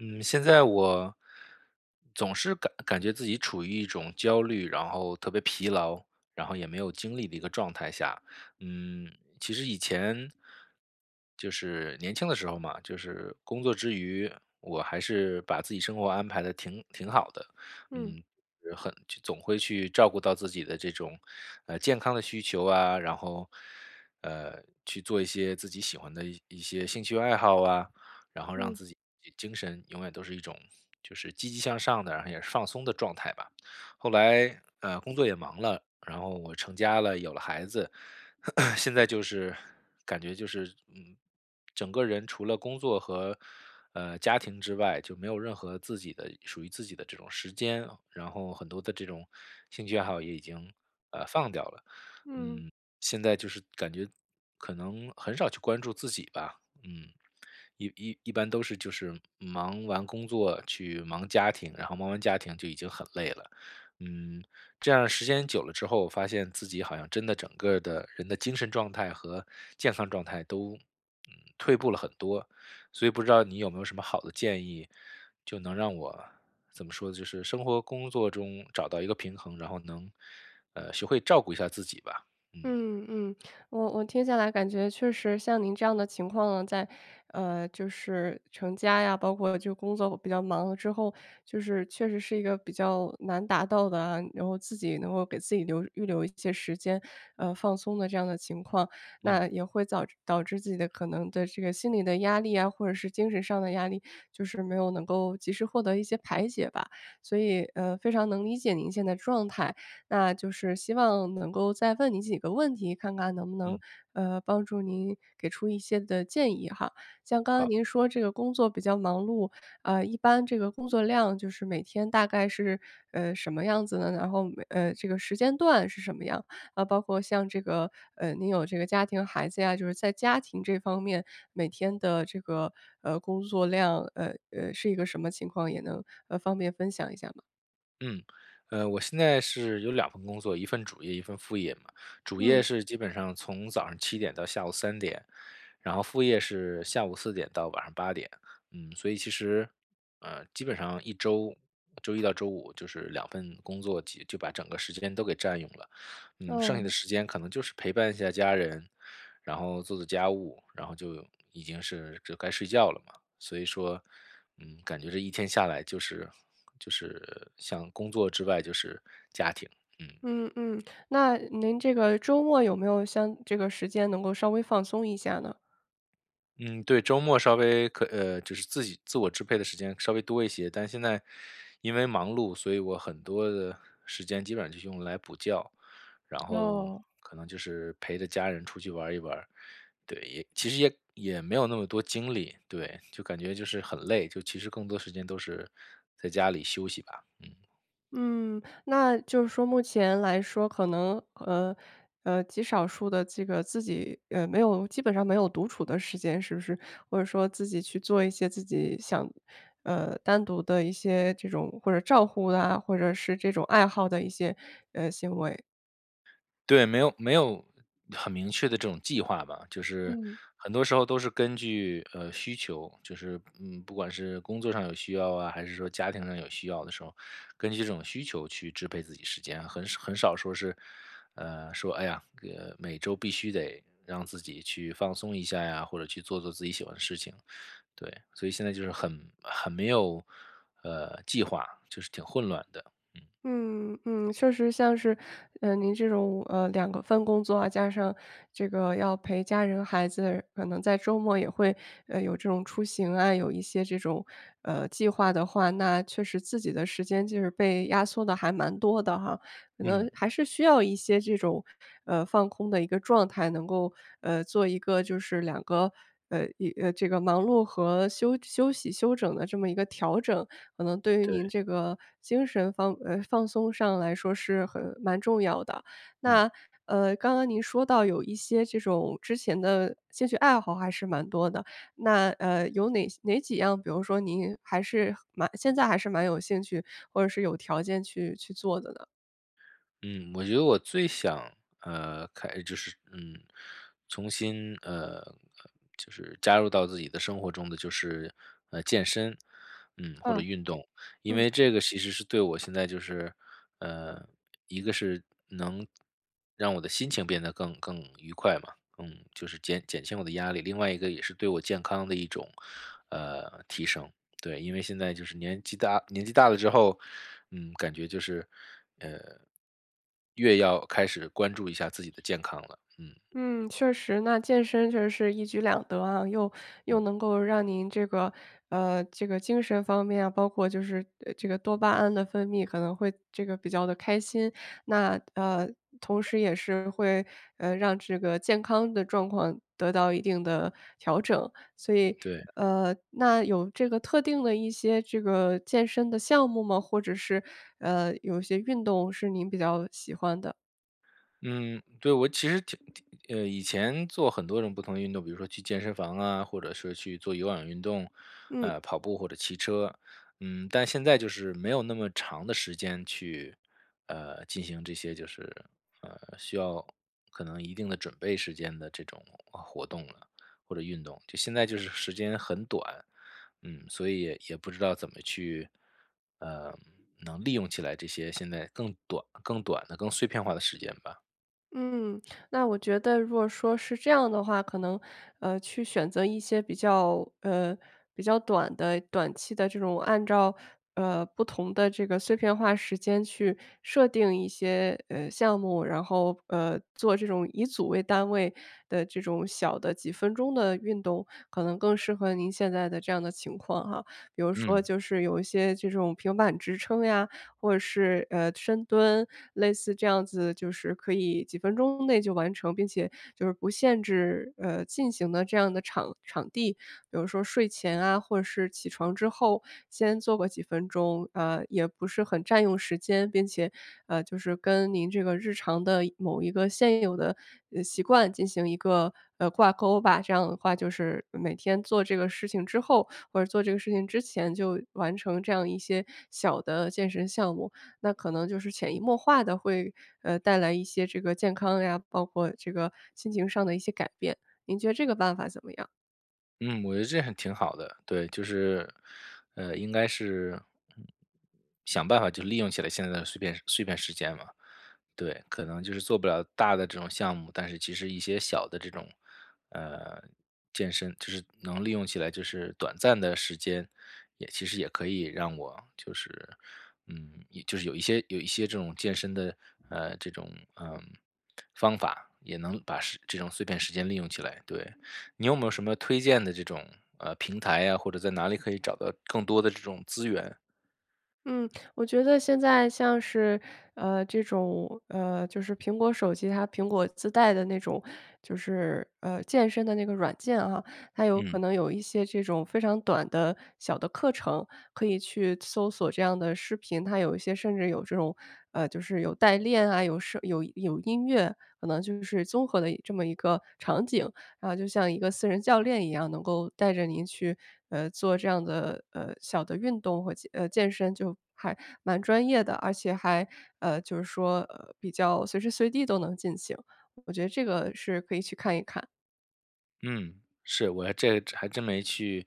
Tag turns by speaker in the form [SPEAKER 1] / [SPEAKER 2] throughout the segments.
[SPEAKER 1] 嗯，现在我总是感感觉自己处于一种焦虑，然后特别疲劳，然后也没有精力的一个状态下。嗯，其实以前就是年轻的时候嘛，就是工作之余，我还是把自己生活安排得挺挺好的。
[SPEAKER 2] 嗯。
[SPEAKER 1] 嗯，很就总会去照顾到自己的这种，呃，健康的需求啊，然后，呃，去做一些自己喜欢的一一些兴趣爱好啊。然后让
[SPEAKER 2] 嗯。
[SPEAKER 1] 自己精神永远都是一种，就是积极向上的，然后也放松的状态吧。后来，呃，工作也忙了，然后我成家了，有了孩子。现在就是感觉就是，嗯，整个人除了工作和，呃，家庭之外，就没有任何自己的属于自己的这种时间。然后很多的这种兴趣爱好也已经，呃，放掉了。
[SPEAKER 2] 嗯。
[SPEAKER 1] 嗯，现在就是感觉，可能很少去关注自己吧，嗯，一一一般都是就是忙完工作去忙家庭，然后忙完家庭就已经很累了。嗯，这样儿时间久了之后发现自己好像真的整个的人的精神状态和健康状态都，嗯，退步了很多。所以不知道你有没有什么好的建议，就能让我，怎么说，就是生活工作中找到一个平衡。然后能，呃，学会照顾一下自己吧，嗯。
[SPEAKER 2] 嗯嗯，我我听下来感觉确实像您这样的情况啊，在呃，就是成家呀，包括就工作比较忙了之后，就是确实是一个比较难达到的啊，然后自己能够给自己留预留一些时间，呃，放松的这样的情况。
[SPEAKER 1] 嗯。
[SPEAKER 2] 那也会早导致自己的可能对这个心理的压力啊，或者是精神上的压力，就是没有能够及时获得一些排解吧。所以，呃，非常能理解您现在状态，那就是希望能够再问您几个问题看看能不能，
[SPEAKER 1] 嗯。
[SPEAKER 2] 呃，帮助您给出一些的建议哈。像刚才
[SPEAKER 1] 好。
[SPEAKER 2] 您说这个工作比较忙碌，呃，一般这个工作量就是每天大概是，呃，什么样子呢？然后每呃，这个时间段是什么样？啊，包括像这个，呃，您有这个家庭孩子呀，就是在家庭这方面每天的这个，呃，工作量，呃呃，是一个什么情况也，呃，能方便分享一下吗？
[SPEAKER 1] 嗯，呃，我现在是有2份工作，一份主业，一份副业嘛。主
[SPEAKER 2] 嗯。
[SPEAKER 1] 业是基本上从早上7点到下午3点，然后副业是下午4点到晚上8点。嗯，所以其实，呃，基本上一周，周一到周五就是2份工作就把整个时间都给占用了。呃，剩下的
[SPEAKER 2] 哦。
[SPEAKER 1] 时间可能就是陪伴一下家人，然后做做家务，然后就已经是就该睡觉了嘛。所以说，嗯，感觉这一天下来就是就是像工作之外就是家庭，嗯。
[SPEAKER 2] 嗯嗯，那您这个周末有没有像这个时间能够稍微放松一下呢？
[SPEAKER 1] 嗯，对。周末稍微可呃，就是自己自我支配的时间稍微多一些，但现在因为忙碌，所以我很多的时间基本上是用来补觉。然后
[SPEAKER 2] 哦。
[SPEAKER 1] 可能就是陪着家人出去玩儿一玩儿。对，其实也也没有那么多精力，对，就感觉就是很累，就其实更多时间都是在家里休息吧。嗯。
[SPEAKER 2] 嗯，那就是说目前来说可能，呃呃，极少数地这个自己，呃，没有基本上没有独处的时间是不是？或者说自己去做一些自己想，呃，单独地一些这种或者照护啊，或者是这种爱好的一些，呃，行为？
[SPEAKER 1] 对，没有没有很明确的这种计划吧，就是
[SPEAKER 2] 嗯。
[SPEAKER 1] 很多时候都是根据，呃，需求，就是，嗯，不管是工作上有需要啊，还是说家庭上有需要的时候，根据这种需求去支配自己时间，很少很少说是，呃，说哎呀每周必须得让自己去放松一下呀，或者去做做自己喜欢的事情。对，所以现在就是很很没有，呃，计划，就是挺混乱的。嗯。
[SPEAKER 2] 嗯，嗯，确实像是，嗯，您这种，呃，两个份工作啊，加上这个要陪家人孩子，可能在周末也会，呃，有这种出行啊，有一些这种，呃，计划的话，那确实自己的时间就是被压缩得还蛮多的哈。可
[SPEAKER 1] 嗯。
[SPEAKER 2] 能还是需要一些这种，呃，放空的一个状态，能够，呃，做一个就是两个，呃，一呃，这个忙碌和休休息、休整的这么一个调整，可能对于您
[SPEAKER 1] 对。
[SPEAKER 2] 这个精神放呃，放松上来说是很蛮重要的。
[SPEAKER 1] 嗯。
[SPEAKER 2] 那，呃，刚刚您说到有一些这种之前的兴趣爱好还是蛮多的，那，呃，有哪些哪几样，比如说您还是蛮现在还是蛮有兴趣，或者是有条件去去做的呢？
[SPEAKER 1] 嗯，我觉得我最想，呃，开就是，嗯，重新，呃，就是加入到自己的生活中的，就是，呃，健身，嗯，或者
[SPEAKER 2] 嗯，
[SPEAKER 1] 运动。因
[SPEAKER 2] 嗯。
[SPEAKER 1] 为这个其实是对我现在就是，呃，一个是能让我的心情变得更更愉快嘛。嗯，就是减减轻我的压力，另外一个也是对我健康的一种，呃，提升。对，因为现在就是年纪大年纪大了之后，嗯，感觉就是，呃，越要开始关注一下自己的健康了，嗯。
[SPEAKER 2] 嗯，确实，那健身确实是一举两得啊，又又
[SPEAKER 1] 嗯。
[SPEAKER 2] 能够让您这个，呃，这个精神方面啊，包括就是，呃，这个多巴胺的分泌，可能会这个比较地开心。那，呃，同时也是会，呃，让这个健康的状况得到一定的调整。所以，
[SPEAKER 1] 对。
[SPEAKER 2] 呃，那有这个特定的一些这个健身的项目吗？或者是，呃，有些运动是您比较喜欢的？
[SPEAKER 1] 嗯，对，我其实挺挺呃，以前做很多种不同的运动，比如说去健身房啊，或者是去做有氧运动，
[SPEAKER 2] 嗯。
[SPEAKER 1] 呃，跑步或者骑车。嗯，但现在就是没有那么长的时间去，呃，进行这些就是，呃，需要，可能一定的准备时间的这种，呃，活动了，或者运动，就现在就是时间很短。嗯，所以也也不知道怎么去，呃，能利用起来这些现在更短更短的、更碎片化的时间吧。
[SPEAKER 2] 嗯，那我觉得如果说是这样的话，可能，呃，去选择一些比较呃，比较短的短期的这种按照，呃，不同的这个碎片化时间去设定一些，呃，项目，然后，呃，做这种以组为单位的这种小的几分钟的运动，可能更适合您现在的，这样的情况啊。比如说
[SPEAKER 1] 嗯。
[SPEAKER 2] 就是有一些这种平板支撑呀，或者是，呃，深蹲，类似这样子就是可以几分钟内就完成，并且就是不限制，呃，进行的这样的场场地。比如说睡前啊或者起床之后先做个几分钟，呃，也不是很占用时间，并且，呃，就是，跟您这个日常的某一个现有的，呃，习惯进行一个，呃，挂钩吧。这样的话，就是，每天做这个事情之后或者做这个事情之前，就完成这样一些小的健身项目。那可能就是潜移默化地会，呃，带来一些这个健康呀，包括这个心情上的一些改变。您觉得这个办法怎么样？
[SPEAKER 1] 嗯，我觉得这还挺好的，对，就是，呃，应该是，嗯，想办法就利用起来现在的碎片碎片时间嘛。对，可能就是做不了大的这种项目，但是其实一些小的这种，呃，健身，就是能利用起来，就是短暂的时间，也其实也可以让我就是嗯，就是有一些有一些这种健身的，呃，这种，呃，方法，也能把时这种碎片时间利用起来，对。你有没有什么推荐的这种，呃，平台呀，或者在哪里可以找到更多的这种资源？
[SPEAKER 2] 嗯，我觉得现在像是，呃，这种，呃就是苹果手机，它苹果自带的那种，就是，呃，健身的那个软件啊，它有可
[SPEAKER 1] 嗯。
[SPEAKER 2] 能有一些这种非常短的，小的课程，可以去搜索这样的视频，它有一些甚至有这种，呃，就是有带练啊，有什有有音乐，可能就是综合的这么一个场景。啊，就像一个私人教练一样能够带着你去，呃，做这样的，呃，小的运动和，呃，健身就还蛮专业的，而且还，呃，就是说，呃，比较随时随地都能进行，我觉得这个是可以去看一看。
[SPEAKER 1] 嗯，是，我还这还真没去，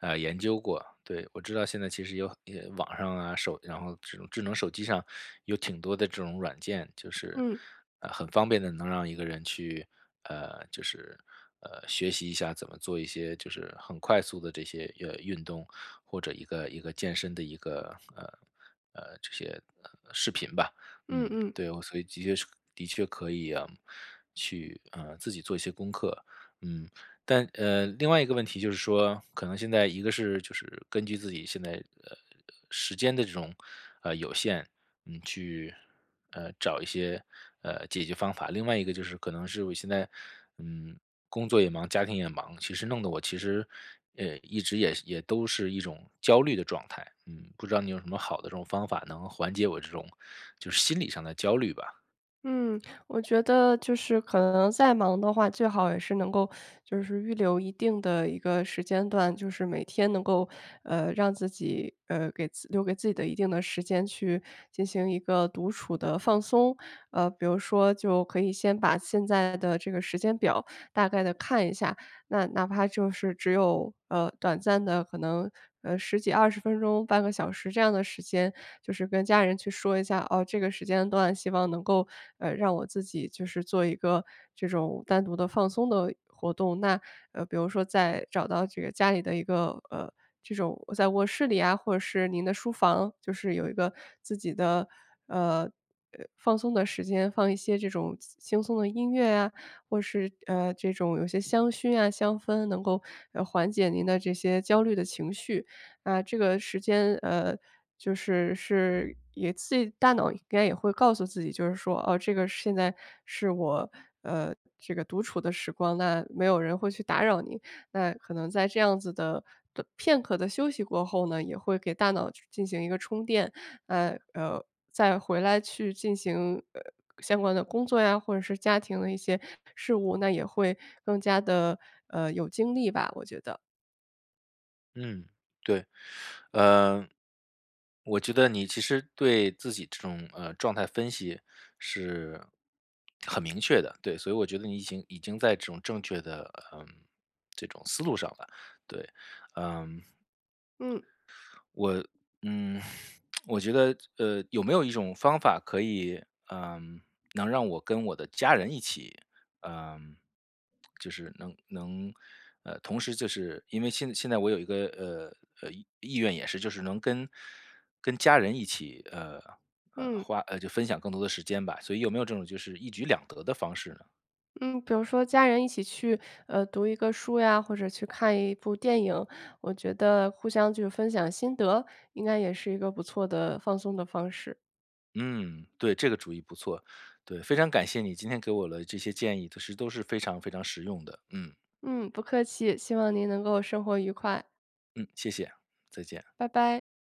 [SPEAKER 1] 呃，研究过。对，我知道现在其实有很呃，网上啊、手然后这种智能手机上，有挺多的这种软件，就是，
[SPEAKER 2] 嗯。
[SPEAKER 1] 呃，很方便地能让一个人去，呃，就是，呃，学习一下怎么做一些就是很快速的这些，呃，运动，或者一个一个健身的一个，呃呃，这些，呃，视频吧，
[SPEAKER 2] 嗯
[SPEAKER 1] 嗯。
[SPEAKER 2] 嗯。
[SPEAKER 1] 对，所以即也是的确可以啊，去，呃，自己做一些功课，嗯。但呃，另外一个问题就是说，可能现在一个是就是根据自己现在，呃呃，时间的这种，呃，有限，嗯，去，呃，找一些，呃，解决方法。另外一个就是可能是我现在，嗯，工作也忙，家庭也忙，其实弄得我其实，呃，一直也也都是一种焦虑的状态。嗯，不知道你有什么好的这种方法能缓解我这种，就是心理上的焦虑吧。
[SPEAKER 2] 嗯，我觉得就是可能再忙的话，最好也是能够 就是预留一定的一个时间段，就是每天能够，呃，让自己呃，给留给自己的一定的时间去进行一个独处的放松。呃，比如说就可以先把现在的这个时间表大概地看一下，那哪怕就是只有，呃，短暂的可能，呃，10几20分钟，半个小时这样的时间，就是跟家人去说一下：“哦，这个时间段希望能够，呃，让我自己，就是做一个这种单独的放松的活动。”那，呃，比如说在找到这个家里的一个呃，这种在卧室里呀，或者是您的书房，就是有一个自己的，呃呃，放松的时间放一些这种轻轻松的音乐呀，或是，呃，这种有些香薰啊香氛能够，呃，缓解您的这些焦虑的情绪。啊，这个时间，呃，就是是，也自己大脑应该也会告诉自己就是说：“哦，这个现在是我，呃，这个独处的时光，那没有人会去打扰你。”那可能在这样子的不片刻的休息过后呢，也会给大脑去进行一个充电，呃呃，再回来去进行，呃，相关的工作呀，或者是家庭的一些事务，那也会更加地，呃，有精力吧，我觉得。
[SPEAKER 1] 嗯，对，呃，我觉得你其实对自己这种，呃，状态分析是很明确的，对，所以我觉得你已经已经在这种正确的，呃，这种思路上了，对，嗯。
[SPEAKER 2] 嗯。
[SPEAKER 1] 我，嗯，我觉得，呃，有没有一种方法可以，呃，能让我跟我的家人一起，呃，就是能能，呃，同时就是因为现现在我有一个，呃呃，意愿也是就是能跟跟家人一起，呃呃，
[SPEAKER 2] 嗯。
[SPEAKER 1] 花就分享更多的时间吧，所以有没有这种就是一举两得的方式呢？
[SPEAKER 2] 嗯，比如说家人一起去，呃，读一个书呀，或者去看一部电影，我觉得互相就是分享心得，应该也是一个不错的放松的方式。
[SPEAKER 1] 嗯，对，这个主意不错，对，非常感谢你今天给我了这些建议，其实都是非常非常实用的，嗯。
[SPEAKER 2] 嗯，不客气，希望您能够生活愉快。
[SPEAKER 1] 嗯，谢谢，再见。
[SPEAKER 2] 拜拜。